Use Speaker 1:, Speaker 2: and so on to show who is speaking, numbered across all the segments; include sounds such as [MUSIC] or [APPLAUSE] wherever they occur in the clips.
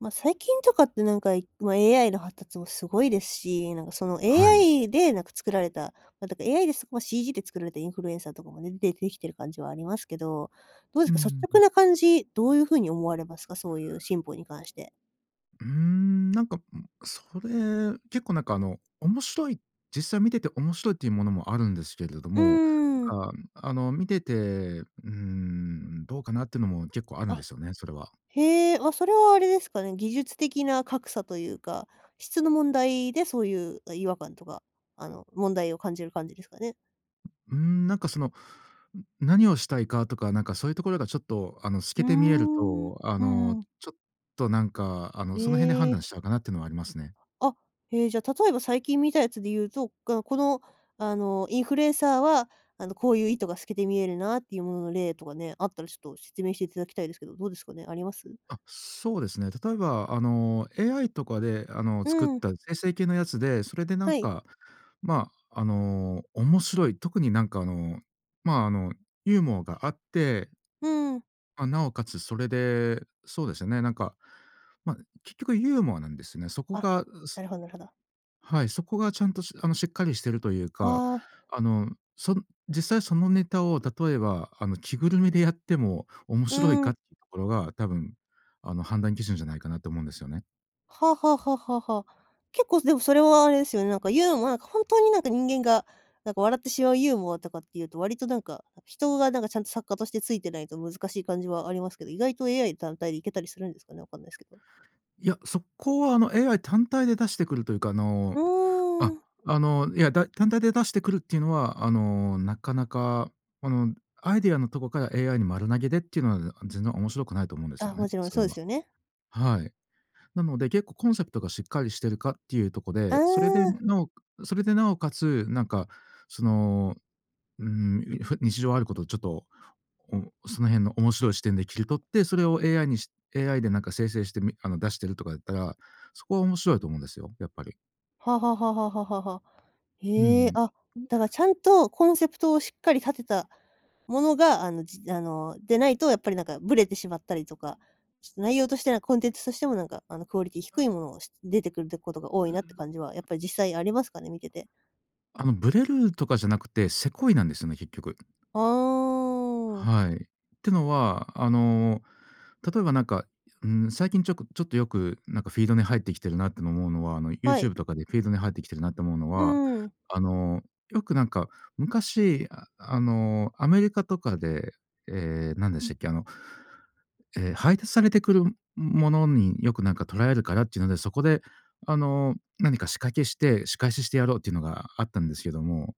Speaker 1: ま、最近とかって、なんか、今、AI の発達もすごいですし、なんか、その、
Speaker 2: はい。
Speaker 1: AI で、なんか、作られたま、だから AI ですま、CG で作られたインフルエンサーとかもね、でできてる感じはありますけど、どうで
Speaker 2: う
Speaker 1: すか、率
Speaker 2: ーん。
Speaker 1: 直な感じ、どうゆう風に思われますか？そういう進歩に関して。
Speaker 2: うーん、なんか、うん、それ、結構、なんか、あの、面白い実際見てて面白いっていうものもあるんですけれど
Speaker 1: う
Speaker 2: も、
Speaker 1: ーん。
Speaker 2: なんか、あの、見てて、うーん、どうかなってのも結構あるんで
Speaker 1: あ、
Speaker 2: すよね、それは。
Speaker 1: へえ、はそれはあれですかね、技術的な格差というか、質の問題でそういう、あ、違和感とか、あの、問題を感じる感じですかね？
Speaker 2: ううーん、なんか、その、ん、何をしたいかとか、なんかそういう所がちょっと、あの、透
Speaker 1: うー
Speaker 2: けて見える
Speaker 1: ん、う
Speaker 2: と、あ
Speaker 1: ー
Speaker 2: の、
Speaker 1: ん。
Speaker 2: ちょっと、なんか、あの、その辺で
Speaker 1: へ
Speaker 2: 判断
Speaker 1: え。
Speaker 2: しちゃうかなってのはありますね。
Speaker 1: あ、へえ、じゃ、例えば、最近見たやつでいうと、がこの、あの、インフルエンサーは、あの、こういう意図が透けて見えるなっていうものの例とかね、あったらちょっと説明して頂きたいですけど、どうですかね、あります？
Speaker 2: あ、そうですね。例えば、あの、AI とかで、あの、
Speaker 1: う
Speaker 2: 作っ
Speaker 1: ーん。
Speaker 2: た生成系のやつで、それで、なん
Speaker 1: はい。
Speaker 2: か、まあ、あの、面白い、特に、なんか、あの、まあ、あの、ユーモアがあって
Speaker 1: うーん。
Speaker 2: ま、尚且つそれで、そうですよね、なんか、ま、結局ユーモアなんですよね。そこ
Speaker 1: あ、
Speaker 2: が、うす
Speaker 1: なるほどなるほど。
Speaker 2: はい、そこがちゃんと、しあの、しっかりしてるというか、
Speaker 1: はあ。
Speaker 2: あの、その実際そのネタを、例えば、あの、着ぐるみでやっても面
Speaker 1: う
Speaker 2: 白い
Speaker 1: ー
Speaker 2: かっ
Speaker 1: ん。
Speaker 2: て所が、多分、あの、判断基準じゃないかなって思うんですよね。
Speaker 1: はあはあはあはあはあ。結構でもそれはあれですよね。なんかユーモアなんかほんとになんか人間が、なんか笑ってしまうユーモアとかっていうと、割となんか、あ、人がなんかちゃんと作家としてついてないと難しい感じはありますけど、意外と AI 単体で行けたりするんですかね？わかんないすけど。
Speaker 2: いや、そこは、あの、AI 単体で出してくるというか、あ
Speaker 1: う
Speaker 2: の、あ、
Speaker 1: ーん。
Speaker 2: あの、いや、だ単体で出してくるっていうのは、あの、なかなか、あの、アイデアのとこから AI に丸投げでっていうのは、あ、全然面白くないと思うんですよ
Speaker 1: あ、
Speaker 2: ね。
Speaker 1: もちろん、
Speaker 2: それ
Speaker 1: そうで
Speaker 2: は。
Speaker 1: すよね。
Speaker 2: はい。なので結構コンセプトがしっかりしてるかっていうとこ
Speaker 1: あ
Speaker 2: で、それで
Speaker 1: あ。
Speaker 2: なおそれでなおかつ、なんかその、うーん。いふ日常あることをちょっと、おその辺の面白い視点で切り取って、それを AI にし AI でなんか生成してみあの、出してるとかだったら、そこは面白いと思うんですよ。やっぱり。
Speaker 1: はあはあはあはあはあはあはあ。
Speaker 2: う
Speaker 1: へえ。
Speaker 2: ん
Speaker 1: あ、
Speaker 2: うん。ん。
Speaker 1: だかちゃんとコンセプトをしっかり立てたものが、あの、じあの、でないとやっぱりなんかぶれてしまったりとか、ちっと内容として、なん、コンテンツとしてもなんかあのクオリティ低
Speaker 2: あ。
Speaker 1: いものがし出てくるってことが多い
Speaker 2: う、う
Speaker 1: な
Speaker 2: ん。
Speaker 1: って感じはやっぱり実際ありますかね？見てて。
Speaker 2: あの、ぶれるとかじゃなくて、セコいなんですよね。結局。
Speaker 1: ああ。
Speaker 2: はい。てのは、あの、例えばなんか、ん、最近ちょくちょっとよくなんかフィードに入ってきてるなっての思うのは、あの、
Speaker 1: はい。
Speaker 2: YouTube とかでフィードに入ってきてるなって思うの
Speaker 1: う
Speaker 2: は、
Speaker 1: ん。
Speaker 2: あの、よくなんか昔、ああのアメリカとかで、ええ、何でしたっけ。あの、ええ、配達されてくるものによく何かとらえるからっていうので、そこであの、何か仕掛けして、仕返ししてやろうっていうのがあったんですけども。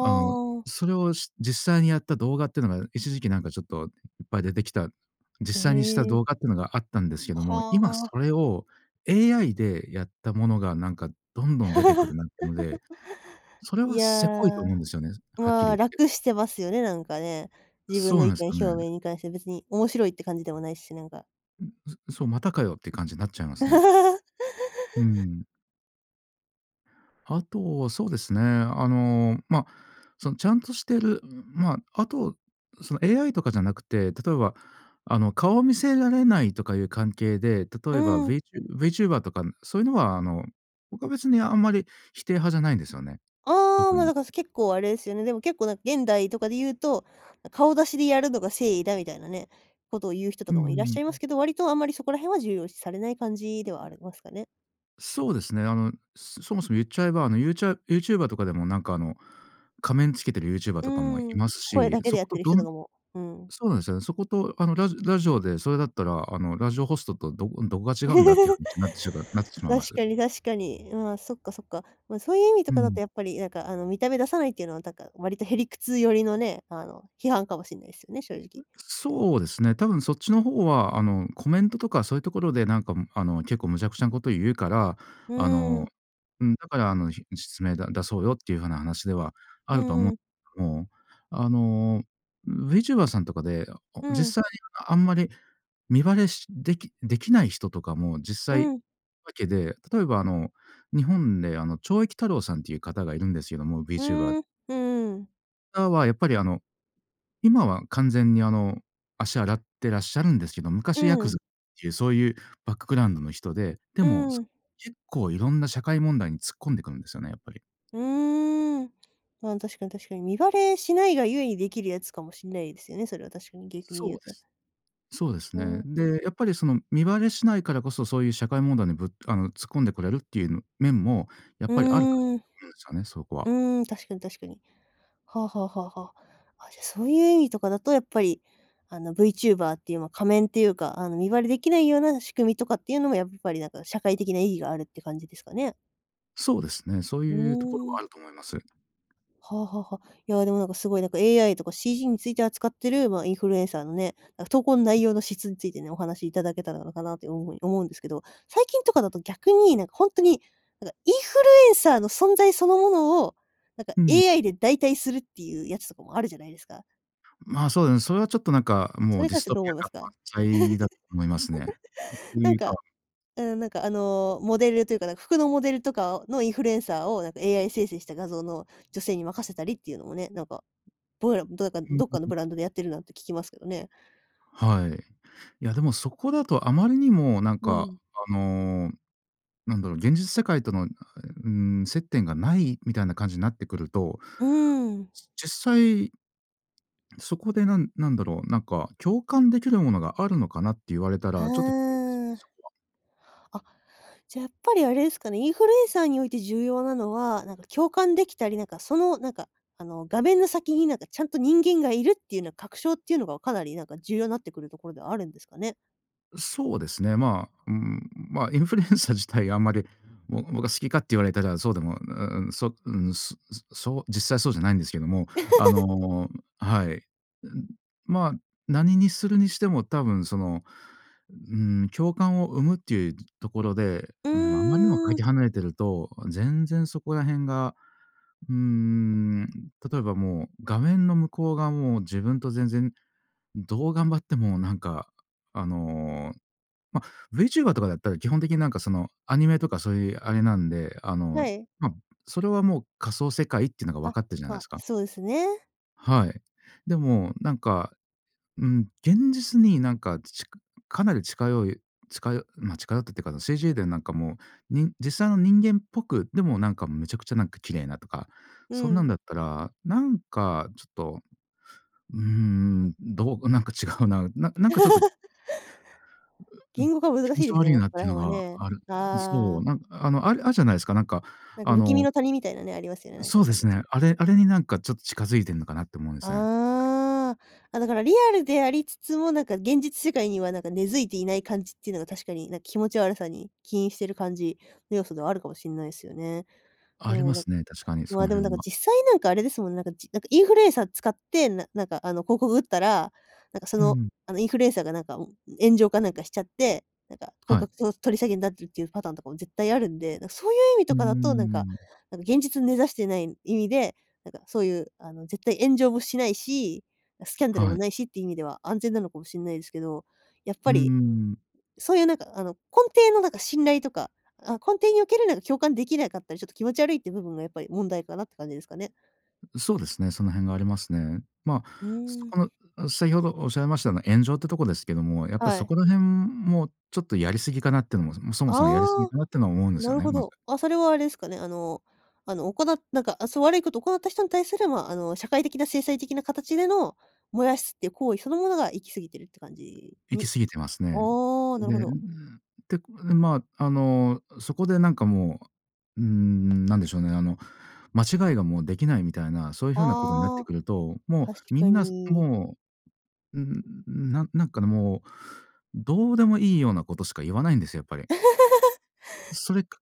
Speaker 2: あの、
Speaker 1: あ。
Speaker 2: それを、し実際にやった動画っていうのが一時期なんかちょっといっぱい出てきた。実
Speaker 1: へ
Speaker 2: 際にした
Speaker 1: え。
Speaker 2: 動画っていうのがあったんですけども、
Speaker 1: は
Speaker 2: 今そ
Speaker 1: あ。
Speaker 2: れを AI でやったものがなんかどんどん出てくるなってので、
Speaker 1: [LAUGHS]
Speaker 2: それ
Speaker 1: い
Speaker 2: は
Speaker 1: や、
Speaker 2: セコいと思うんですよね。はっき
Speaker 1: ま
Speaker 2: り
Speaker 1: あ、
Speaker 2: 言って。
Speaker 1: 楽してますよね、なんかね。自分
Speaker 2: そ
Speaker 1: の
Speaker 2: う
Speaker 1: 意
Speaker 2: なんす
Speaker 1: 見
Speaker 2: か
Speaker 1: 表明
Speaker 2: ね。
Speaker 1: に関して別に面白いって感じでもないし、なんか。
Speaker 2: うん、そそう、またかよって感じなっちゃいますね。うー
Speaker 1: [LAUGHS]
Speaker 2: ん。あと、そうですね、あの、ま、その、ちゃんとしてるん、まあ、あと、その、AI とかじゃなくて、例えば、あの、顔見せられないとかゆう関係で、
Speaker 1: う
Speaker 2: 例えば
Speaker 1: ーん。
Speaker 2: VTube VTuber とかそういうのは、あの、僕は別にあんまり否定派じゃないんですよね、
Speaker 1: ああ、
Speaker 2: 特
Speaker 1: ま、
Speaker 2: に。
Speaker 1: だか、す結構あれすよね、でも、結構なん現代とかでゆうと、あ、顔出しでやるのが誠意だみたいなね、ことをゆう人と
Speaker 2: うん
Speaker 1: かもいらっ
Speaker 2: うん、
Speaker 1: しゃいます
Speaker 2: ん。
Speaker 1: けど、割とあんまりそこら辺は重要視されない感じ
Speaker 2: う
Speaker 1: ではあ
Speaker 2: ん。
Speaker 1: りますかね。
Speaker 2: そうですね。あの、そそもそもゆっちゃえば、あの、ユーチャー YouTuber とかでも、なんか、あの、仮面つけてる YouTuber
Speaker 1: う
Speaker 2: とかもい
Speaker 1: ー
Speaker 2: ま
Speaker 1: ん。
Speaker 2: す
Speaker 1: 声
Speaker 2: し、
Speaker 1: だけで
Speaker 2: そ
Speaker 1: や
Speaker 2: こ
Speaker 1: っ
Speaker 2: と
Speaker 1: てる
Speaker 2: ど
Speaker 1: 人と
Speaker 2: ん
Speaker 1: かも、うん。
Speaker 2: そうなんすよ。そこと、あの、ラジラジオで、それだったら、あの、ラジオホストとどこどこが違うんだ？って話
Speaker 1: [LAUGHS]
Speaker 2: になってしがなってしまいま
Speaker 1: 確
Speaker 2: す。
Speaker 1: かに、確かに。うん、あ、そっかそっか。ま、そういう意味と
Speaker 2: う
Speaker 1: かだ
Speaker 2: ん。
Speaker 1: と、やっぱり、なんか、あの、見た目出さないっていうのは、だか、割と屁理屈寄りのね、あの、批判かもしんないすよね、正直。
Speaker 2: そうですね、多分そっちのほうは、あの、コメントとか、そゆところで、なんか、も、あの、結構無茶苦茶なことゆうから、
Speaker 1: う
Speaker 2: あ
Speaker 1: ー
Speaker 2: の、
Speaker 1: ん。
Speaker 2: うん、だから、あの、じ実名だ出そうよってゆう、はな話では
Speaker 1: う
Speaker 2: あるとおも
Speaker 1: ーん。
Speaker 2: 思う。あの、VTuber さんとかで、あお
Speaker 1: うん。
Speaker 2: 実際はあんまり身バレしできできない人とかも実
Speaker 1: う
Speaker 2: 際、
Speaker 1: ん。
Speaker 2: わけで、例えば、あの、日本で、あの、懲役太郎さんってゆう方がいるんですよども、
Speaker 1: う
Speaker 2: VTuber。
Speaker 1: ーん、うーん。
Speaker 2: あ、わ、やっぱり、あの、今は完全に、あの、足洗ってらっしゃるんですけど、
Speaker 1: う
Speaker 2: 昔ヤ
Speaker 1: ー
Speaker 2: ク
Speaker 1: ん。
Speaker 2: ザっていう、そういうバックグラウンドの人で、で
Speaker 1: う
Speaker 2: も、
Speaker 1: ー
Speaker 2: す
Speaker 1: ん。
Speaker 2: 結構いろんな社会問題に突っ込んでくるんですよね、やっぱり。
Speaker 1: うーん。まあ、確かに確かに。身バレしないがゆえに、できるやつかもしんないですよね、それは確かに、逆に
Speaker 2: そう
Speaker 1: 言う
Speaker 2: で
Speaker 1: と。
Speaker 2: す。そうです
Speaker 1: うー
Speaker 2: ね。
Speaker 1: ん。
Speaker 2: で、やっぱり、その、身バレしないからこそ、そういう社会問題にぶあの、突っ込んでこれるっていう、ん、面もやっ
Speaker 1: う
Speaker 2: ぱりあるかな
Speaker 1: ーん。
Speaker 2: と
Speaker 1: う
Speaker 2: 思うんですよね、そこは。
Speaker 1: ーん、確かに確かに。はあはあはあはあ。あ、じゃあ、そういう意味とかだとやっぱり、あの、V チューバーっていう、ま、仮面っていうか、あの、身バレできないような仕組みとかっていうのも、やっぱり、なんか、社会的な意義があるって感じですかね。
Speaker 2: そうですね、そう
Speaker 1: う
Speaker 2: いうところ
Speaker 1: ー
Speaker 2: はあ
Speaker 1: ん。
Speaker 2: ると思います。
Speaker 1: はあはあはあ。いや、でも、なんか、すごい、なんか、AI とか CG について扱ってる、まあ、インフルエンサーのね、なんか、投稿の内容の質についてね、お話いただけたらなのかなって思い思うんですけど、最近
Speaker 2: は
Speaker 1: とかだ
Speaker 2: い。
Speaker 1: と逆に、なんか、ほんとに、なんか、インフルエンサーの存在そのものを、なんか、
Speaker 2: うん。
Speaker 1: AI で代替するっていうやつとかもあるじゃないですか。
Speaker 2: ん、まあ、そうだね。それはちょっと、なんか、
Speaker 1: そ
Speaker 2: も
Speaker 1: れ
Speaker 2: う、
Speaker 1: に
Speaker 2: ディ
Speaker 1: 関し
Speaker 2: ス
Speaker 1: て
Speaker 2: ト
Speaker 1: どう
Speaker 2: ピ
Speaker 1: 思
Speaker 2: ア
Speaker 1: いま
Speaker 2: 感
Speaker 1: す
Speaker 2: 満
Speaker 1: か？
Speaker 2: 載だと思いますね。引くって
Speaker 1: [GIGGLES] なん
Speaker 2: いう
Speaker 1: か、
Speaker 2: か。
Speaker 1: うーん、なんか、あの、モデルというか、なんか、服のモデルとかのインフルエンサーを、なんか、AI 生成した画像の女性に任せたりっていうのもね、なんか、どうやらどやか
Speaker 2: うん
Speaker 1: どっ
Speaker 2: うん
Speaker 1: かの
Speaker 2: うん。
Speaker 1: ブランドでやってるなんて聞きますけどね。
Speaker 2: はい。いや、でも、そこだとあまりにも、なん
Speaker 1: う
Speaker 2: か、
Speaker 1: ん。
Speaker 2: あの、なんだろう、現実世界との、あ、え、うーん、接点がないみたいな感じなってくると、
Speaker 1: うーん。
Speaker 2: じ実際そこで、なんなんだろう、なんか、共感できるものがあるのかなって言われたら、
Speaker 1: あ
Speaker 2: ちょっと疑問ですよね、
Speaker 1: あ。
Speaker 2: そこは。
Speaker 1: あ、じゃ、やっぱりあれですかね、インフルエンサーにおいて重要なのは、なんか、共感できたり、なんか、その、なんか、あの、画面の先に、なんか、ちゃんと人間がいるっていうな確証っていうのが、かなり、なんか、重要なってくるところではあるんですかね。
Speaker 2: う、そうですね。まあ、うーん、ま、インフルエンサー自体あんまり、ぼ僕は好きかって言われたらそうでも、うううん、そうーん、すすそう実際そうじゃないんですけども、あ
Speaker 1: [LAUGHS]
Speaker 2: の、はい。うん、まあ、何にするにしても、多分、その、うーん、共感を生むっていうところで、
Speaker 1: う
Speaker 2: うん、あまりにもか
Speaker 1: ーん。
Speaker 2: け離れてると、全然そこら辺が、うーん、例えばもう、画面の向こうがもう、自分と全然、どう頑張っても、なんか、あのま、V チューバーとかだったら、基本的に、なんか、その、アニメとかそういうあれなんで、あ
Speaker 1: は
Speaker 2: の、
Speaker 1: い。
Speaker 2: ま、それはもう仮想世界っていうのが分
Speaker 1: あ、
Speaker 2: かってるじゃ
Speaker 1: ま
Speaker 2: ないで
Speaker 1: あ、
Speaker 2: すか。
Speaker 1: そうですね。
Speaker 2: はい。でも、なんか、うん、現実に、なんか、ちかかなり近寄いちかよま、近寄ったってか、あの、CG で、なんか、もう、にん実際の人間っぽく、でも、なんか、めちゃくちゃ、なんか、綺麗なとか、
Speaker 1: う
Speaker 2: そんなん
Speaker 1: ん。
Speaker 2: だったら、なんか、ちょっと、うーん、どうなんか違うな、ななんか、ちょっと
Speaker 1: [LAUGHS]
Speaker 2: うん、
Speaker 1: 言語化難
Speaker 2: 気
Speaker 1: し
Speaker 2: 持
Speaker 1: い
Speaker 2: ち
Speaker 1: ですよ
Speaker 2: 悪い
Speaker 1: ね、こ
Speaker 2: なっ
Speaker 1: こら
Speaker 2: ていう
Speaker 1: 辺は
Speaker 2: のが
Speaker 1: ね。
Speaker 2: あるうん、
Speaker 1: あ
Speaker 2: そ
Speaker 1: あ。
Speaker 2: う、なんあの、あるあるじゃないすか、なんか、
Speaker 1: なんか
Speaker 2: あ
Speaker 1: 不気味
Speaker 2: の
Speaker 1: の谷みたいなね、ありますよね、なんか
Speaker 2: そ
Speaker 1: わ
Speaker 2: う
Speaker 1: か
Speaker 2: で
Speaker 1: んない
Speaker 2: す
Speaker 1: すけ
Speaker 2: ね。
Speaker 1: ど。
Speaker 2: あれ、あれに、なんか、ちょっと近づいてんのかなって思うんですね。
Speaker 1: ああ。あ、だからリアルでありつつも、なんか、現実世界には、なんか、根付いていない感じっていうのが確かに、なん、気持ち悪さに起因してる感じの要素ではあるかもしんないっすよね。で
Speaker 2: あり
Speaker 1: も、
Speaker 2: ま
Speaker 1: なん
Speaker 2: すね、確かに、
Speaker 1: ま
Speaker 2: そ
Speaker 1: あ、
Speaker 2: の
Speaker 1: でも、なん
Speaker 2: 辺
Speaker 1: か、
Speaker 2: は。
Speaker 1: 実際、なんか、あれですもんね、なんか、じなんか、インフルエンサー使って、ななんか、あの、広告打ったら、なんか、そ
Speaker 2: う
Speaker 1: の、
Speaker 2: ん。
Speaker 1: あの、インフルエンサーが、なんか、も、炎上かなんかしちゃって、なんか、広
Speaker 2: は
Speaker 1: 告、
Speaker 2: い。
Speaker 1: と取り下げになってるっていうパターンとかも絶対あるんで、なん、そういう意味
Speaker 2: うー
Speaker 1: とかだと、なんか
Speaker 2: ん。
Speaker 1: なんか、現実に根ざしてない意味で、なんか、そういう、あの、絶対炎上もしないし、あ、スキャンダル
Speaker 2: は
Speaker 1: も
Speaker 2: い。
Speaker 1: ないしっていう意味では安全なのかもしんないですけど。やっ
Speaker 2: うー
Speaker 1: ぱり、
Speaker 2: ん。
Speaker 1: そういう、なんか、あの、根底の、なんか、信頼とか、あ、根底における、なんか、共感できなかったり、ちょっと気持ち悪いっていう部分がやっぱり問題かなって感じですかね。
Speaker 2: ん、そうですね、その辺がありますね。ま、
Speaker 1: う
Speaker 2: そ
Speaker 1: ー
Speaker 2: こ
Speaker 1: ん。
Speaker 2: の、あ、先ほどおっしゃいました、あの、炎上ってとこですけども、やっぱり
Speaker 1: は
Speaker 2: そ
Speaker 1: い。
Speaker 2: こら辺もちょっとやりすぎかなってのもも、そもそもやり過ぎ
Speaker 1: ああ、
Speaker 2: かなっての思うんです
Speaker 1: な
Speaker 2: よ
Speaker 1: る
Speaker 2: ね、
Speaker 1: ほ
Speaker 2: まず。
Speaker 1: ど。あ、それは、あれですかね、あのあの、おこななんか、あ、そう、悪いことを行った人に対する、ま、あの、社会的な制裁的な形での、燃やすっていう行為そのものが、行き過ぎてるって感じ
Speaker 2: 行き
Speaker 1: に
Speaker 2: 過ぎてますね。
Speaker 1: あ、なる
Speaker 2: で、
Speaker 1: ほ
Speaker 2: ううー
Speaker 1: ど。
Speaker 2: ん、て、ん、ま、あの、そこで、なんか、もう、うーん、何でしょうね、あの、間違いがもうできないみたいな、そういう風なことになって
Speaker 1: ああ、
Speaker 2: くると、も
Speaker 1: 確
Speaker 2: う、み
Speaker 1: か
Speaker 2: んなす
Speaker 1: に。
Speaker 2: もう、うーん、う、ななんか、もう、どうでもいいようなことしか言わないんですよ、やっぱり。それく
Speaker 1: [LAUGHS]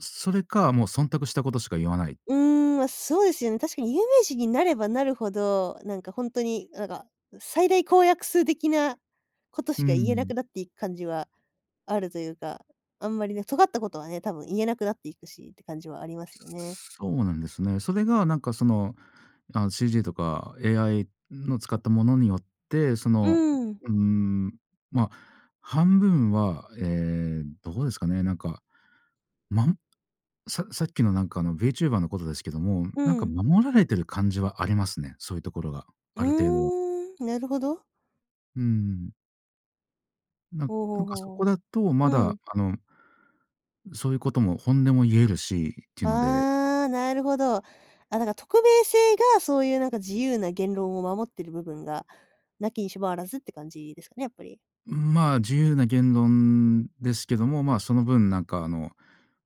Speaker 2: それか、もう忖度したことしか言わない。
Speaker 1: うーん、ま、そうですよね。確かに有名人になればなるほど、なんか、ほんとに、なんか、ん、最大公約数的なこと
Speaker 2: う
Speaker 1: し
Speaker 2: ー
Speaker 1: か言えなく
Speaker 2: ん。
Speaker 1: なっていく感じはあるというか、あんまりね、尖ったことはね、多分言えなくなっていくしって感じはありますよね。
Speaker 2: そうなんですね。それが、なんか、その、あの、CG とか AI の使ったものによって、そ
Speaker 1: う
Speaker 2: の、
Speaker 1: ーん。
Speaker 2: うーん、ま、半分は、ええ、どうですかね、なんか、まんささっきの、なんか、あの、V チューバーのことですけども、
Speaker 1: う
Speaker 2: なんか、
Speaker 1: ん。
Speaker 2: 守られている感じはありますね、そういうところが、
Speaker 1: う
Speaker 2: ある程度は。
Speaker 1: ーん、なるほど。
Speaker 2: うん。なん
Speaker 1: ほう
Speaker 2: な
Speaker 1: ほう
Speaker 2: んか、そ
Speaker 1: ほう
Speaker 2: こ
Speaker 1: ほ
Speaker 2: だと、
Speaker 1: う。
Speaker 2: ま
Speaker 1: う
Speaker 2: だ、
Speaker 1: ん。
Speaker 2: あのん、そういうことも本音も言えるし、っていうので。
Speaker 1: ああ、なるほど。あ、だから匿名性が、そういう何か自由な言論を守ってる部分がなきにしもあらずって感じですかね、やっぱり。
Speaker 2: うーん、ま、自由な言論ですけども、ま、その分、なんか、あの、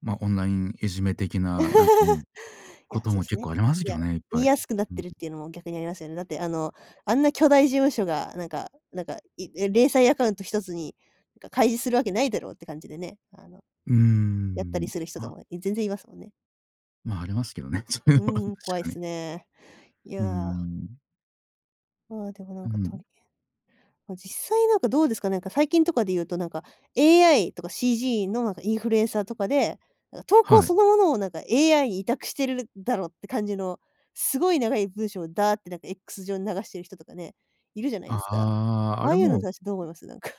Speaker 2: ま、オンラインいじめ的な、なんか、うん、
Speaker 1: [LAUGHS] い
Speaker 2: こ
Speaker 1: や、
Speaker 2: と
Speaker 1: そ
Speaker 2: も
Speaker 1: うす
Speaker 2: 結
Speaker 1: ね。
Speaker 2: 構あります
Speaker 1: い
Speaker 2: け
Speaker 1: や、
Speaker 2: どね、いっ
Speaker 1: 言
Speaker 2: ぱ
Speaker 1: い
Speaker 2: い。
Speaker 1: やすくなっ
Speaker 2: う
Speaker 1: て
Speaker 2: ん。
Speaker 1: るっていうのも逆にありますよね。だって、あの、あんな巨大事務所が、なんかなんか、いれ零細アカウント一つにか開示するわけないだろうって感じでね、あの、
Speaker 2: うー
Speaker 1: やったり
Speaker 2: ん、
Speaker 1: する人と
Speaker 2: ま
Speaker 1: かも、い全然いますもんね。
Speaker 2: まあ、ありますけどね、そういう
Speaker 1: う
Speaker 2: のは
Speaker 1: んう
Speaker 2: 確
Speaker 1: ん、怖いっ
Speaker 2: かに。
Speaker 1: すね、い
Speaker 2: うー
Speaker 1: や。
Speaker 2: ん。
Speaker 1: あ、でも、なん
Speaker 2: う
Speaker 1: か、と
Speaker 2: ん。
Speaker 1: りえま、実際、なんか、どうですか、なんか、最近とかで言うと、なんか、AI とか CG の、なんか、インフルエンサーとかで、なんか、投稿
Speaker 2: はい。
Speaker 1: そのものを、なんか、AI に委託してるだろって感じの、すごい長い文章をダーッて、なんか、X 上に流してる人とかね、いるじゃないですか。
Speaker 2: ああ、
Speaker 1: あ
Speaker 2: あ
Speaker 1: あ
Speaker 2: れ、
Speaker 1: いうの
Speaker 2: も
Speaker 1: に
Speaker 2: うん、
Speaker 1: 対してどう思います？なんか。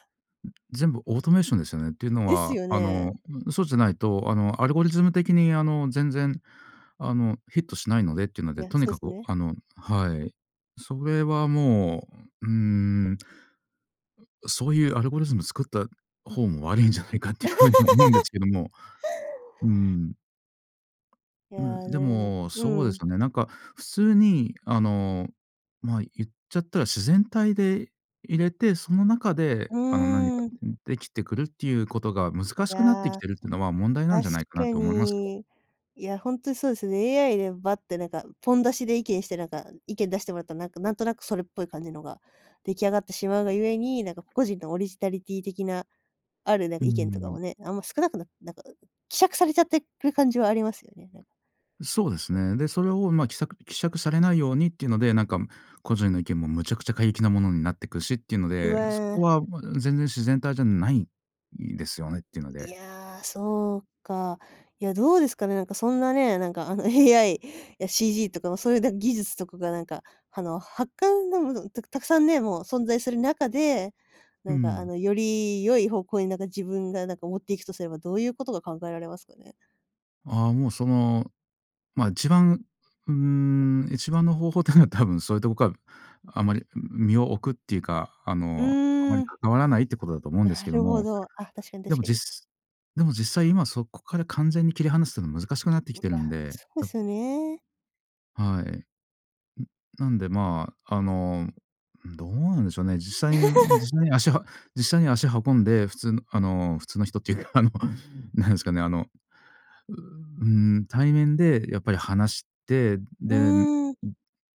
Speaker 2: 全部オートメーションですよね。っていうの
Speaker 1: です
Speaker 2: は、
Speaker 1: よ
Speaker 2: あ
Speaker 1: ね。
Speaker 2: の、そうじゃないと、あの、アルゴリズム的に、あの、全然、あの、ヒットしないのでっていうの
Speaker 1: い
Speaker 2: で、
Speaker 1: や、
Speaker 2: とに
Speaker 1: そう
Speaker 2: か
Speaker 1: す
Speaker 2: く、
Speaker 1: ね。
Speaker 2: あの、はい、それはもう、うーん、ん、そういうアルゴリズム作った方も悪いんじゃないかっていう風にも思うんで
Speaker 1: [LAUGHS]
Speaker 2: すけども。うーん。
Speaker 1: いや、
Speaker 2: うん、で
Speaker 1: なるほどね。
Speaker 2: も、
Speaker 1: う
Speaker 2: そうで
Speaker 1: ー
Speaker 2: す
Speaker 1: ん。
Speaker 2: よね。なんか、普通に、あの、ま、言っちゃったら自然体でいれて、その中で、
Speaker 1: う
Speaker 2: あの、何か
Speaker 1: ーん。
Speaker 2: できてくるっていうことが難し
Speaker 1: い
Speaker 2: くなってき
Speaker 1: や、
Speaker 2: てるっていうのは問題なん
Speaker 1: 確
Speaker 2: じゃないか
Speaker 1: か
Speaker 2: なと思いますよ。
Speaker 1: に。いや、ほんとにそうですね、AI でバッって、なんか、ポン出しで意見して、なんか、意見出してもらったら、なんか、なんとなくそれっぽい感じのが出来上がってしまうがゆえに、なんか、個々人のオリジナリティ的な、あるなん
Speaker 2: う
Speaker 1: か
Speaker 2: ー
Speaker 1: 意見とか
Speaker 2: ん。
Speaker 1: もね、あんま少なくなっなんか、希釈されちゃってく感じはありますよね、なん
Speaker 2: そうですね。で、それを、ま、きさく希釈されないようにっていうので、なんか、ん、個人の意見もむちゃくちゃ過激なものになってくるしっていうの
Speaker 1: う
Speaker 2: で、そこ
Speaker 1: わ。
Speaker 2: は、ま、全然自然体じゃないですよねっていうの
Speaker 1: い
Speaker 2: で。
Speaker 1: や、そうか。いや、どうですかね、なんか、そんなね、なんか、あの、AI や CG とかもそういうなん、技術とかが、なんか、あの、はっかんがもどたくたくさんね、もう存在する中で、
Speaker 2: う
Speaker 1: なんか、あ
Speaker 2: ん。
Speaker 1: の、より良い方向に、なんか、自分が、なんか、持っていくとすれば、どういうことが考えられますかね？
Speaker 2: ああ、もう、その、ま、一番、うーん、一番の方法ってのは多分そういうとこか、あまり身を置くっていうか、あ
Speaker 1: う
Speaker 2: の、あま
Speaker 1: ー
Speaker 2: り
Speaker 1: ん。
Speaker 2: 関わらないってことだと思うんです
Speaker 1: な
Speaker 2: けど
Speaker 1: るほ
Speaker 2: も。
Speaker 1: ど。あ、確かに
Speaker 2: で
Speaker 1: 確
Speaker 2: も
Speaker 1: か
Speaker 2: じっ
Speaker 1: に。
Speaker 2: すでも実際、今、そこから完全に切り離すのは難しくなってき
Speaker 1: い
Speaker 2: てる
Speaker 1: や、
Speaker 2: んで、
Speaker 1: そうっ
Speaker 2: やっ
Speaker 1: すよね。
Speaker 2: はい。ん、なんで、まあ、あの、うん、どうなんでしょうね。実際に、うーん、
Speaker 1: [LAUGHS]
Speaker 2: 実際に足は実際に足運んで、普通の、あの普通の人っていうか、あの、なんですかね、あの、うううーん、対面でやっぱり話して、
Speaker 1: う
Speaker 2: で、んん、
Speaker 1: ーん。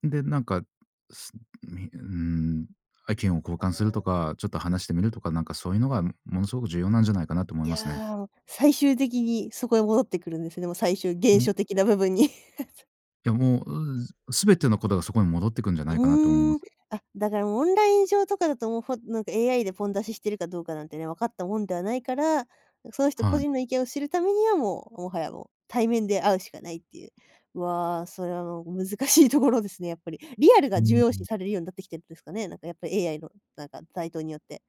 Speaker 2: で、なんか、すみうーん、は意見を交換すると
Speaker 1: [UNINTELLIGIBLE]
Speaker 2: か、ちょっと話してみるとか、なんかそういうのが、ん、ものすごく重要なんじゃないかなと思
Speaker 1: い
Speaker 2: いますね。
Speaker 1: や、も、最終的にそこに戻ってくるんですよね。も、最終原
Speaker 2: うん。
Speaker 1: 初的な部分に。[CHUCKLES]
Speaker 2: いや、もう、う、ずすべてのことが、そこに戻ってくんじゃないかなと思い
Speaker 1: うー
Speaker 2: ま
Speaker 1: ん。
Speaker 2: す。
Speaker 1: あ、だからオンライン上とかだともう、ほなんか、AI でポン出ししてるかどうかなんてね、分かったもんではないから、も、その人個
Speaker 2: はい。
Speaker 1: 人の意見を知るためには、もう、もはや、もう、対面で会うしかないっていう。わあ、それはもう難しいところですね、やっぱり。リアル
Speaker 2: う
Speaker 1: が
Speaker 2: ー
Speaker 1: 重
Speaker 2: ん。
Speaker 1: 要
Speaker 2: う
Speaker 1: 視
Speaker 2: ん。
Speaker 1: されるようになってきてるんですかね。なんか、やっぱ AI の、なんか、台頭によって。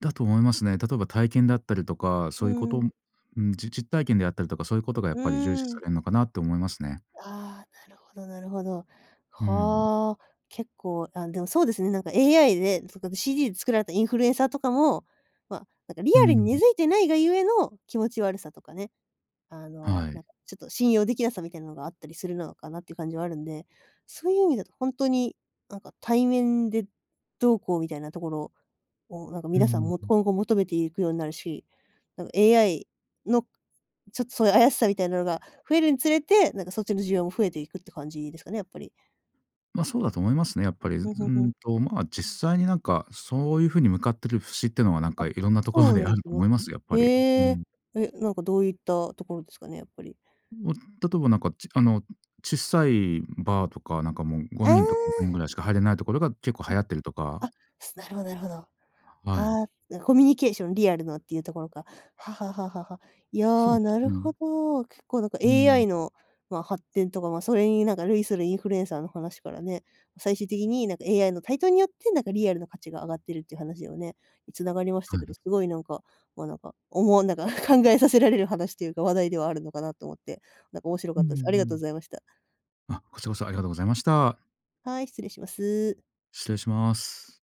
Speaker 2: だと思いますね。例えば体験だったりとか、
Speaker 1: う
Speaker 2: そういうこ
Speaker 1: ー
Speaker 2: と
Speaker 1: ん。
Speaker 2: んん、じ実体験であったりとか、そういうことがやっ
Speaker 1: うー
Speaker 2: ぱり重視さ
Speaker 1: ん。
Speaker 2: れんのかなと思いますね。
Speaker 1: ああ、なるほどなるほど。
Speaker 2: うーん。
Speaker 1: はあ、結構あ、でも、そうですね、なんか、AI で、それこそ CG で作られたインフルエンサーとかも、ま、なんか、リ
Speaker 2: うー
Speaker 1: アルに根
Speaker 2: ん。
Speaker 1: 付いてないがゆえの気持ち悪さとかね、あの、
Speaker 2: は
Speaker 1: な
Speaker 2: い。
Speaker 1: んか、ちょっと信用できなさみたいなのがあったりするのかなって感じはあるんで、そういう意味だとほんとに、なんか、対面でどうこうみたいなところを、なんか、
Speaker 2: うん
Speaker 1: 皆さん
Speaker 2: うん
Speaker 1: もっと
Speaker 2: うん。
Speaker 1: 今後求めていくようになるし、なんか、AI の、ちょっとそういう怪しさみたいなのが増えるにつれて、なんか、そっちの需要も増えていくって感じですかね、やっぱり。
Speaker 2: ま、そうだと思いますね、やっぱり。ず
Speaker 1: ふんふ
Speaker 2: う
Speaker 1: んふ
Speaker 2: ー
Speaker 1: ん。
Speaker 2: んと、ま、実際に、なんか、そういう風に向かってる節っていうのは、なん
Speaker 1: あ
Speaker 2: か、いろんなとこ
Speaker 1: そ
Speaker 2: ろ
Speaker 1: う
Speaker 2: で
Speaker 1: なん
Speaker 2: あ
Speaker 1: で
Speaker 2: る
Speaker 1: す
Speaker 2: と思
Speaker 1: ね。
Speaker 2: います、やっぱり。う
Speaker 1: へえ。
Speaker 2: ん。
Speaker 1: え、なんか、どういったところですかね、やっぱり。
Speaker 2: ん、お例えば、なんか、ちあの、ちっさいバーとか、なんか、もう、ご
Speaker 1: え
Speaker 2: にんとか6人ぐ
Speaker 1: え。
Speaker 2: らいしか入れないところが結構
Speaker 1: あ、
Speaker 2: 流行ってるとか。
Speaker 1: あ、すなるほどなるほど。あ
Speaker 2: はい。
Speaker 1: あ、なコミュニケーション、リアルなっていうところか。はあはあはあはあはあ。い
Speaker 2: そ
Speaker 1: や、なる
Speaker 2: うね。
Speaker 1: ほど。結構、なんか、
Speaker 2: うーん。
Speaker 1: AI の、ま、発展とか、ま、それになんか、類するインフルエンサーの話からね、最終的に、なんか、AI の台頭によって、なんか、リアルな価値が上がってるっていう話をね、繋がりました
Speaker 2: は
Speaker 1: け
Speaker 2: い。
Speaker 1: ど、すごい、なんか、ま、なんか、思わなんか、考えさせられる話というか、話題ではあるのかなと思って、なんか、面白
Speaker 2: う
Speaker 1: か
Speaker 2: ん
Speaker 1: っ
Speaker 2: う
Speaker 1: た
Speaker 2: ん
Speaker 1: です。ありが
Speaker 2: う
Speaker 1: とう
Speaker 2: ん。
Speaker 1: ございました。
Speaker 2: あ、こちらこそありがとうございました。
Speaker 1: はい、失礼します。
Speaker 2: 失礼します。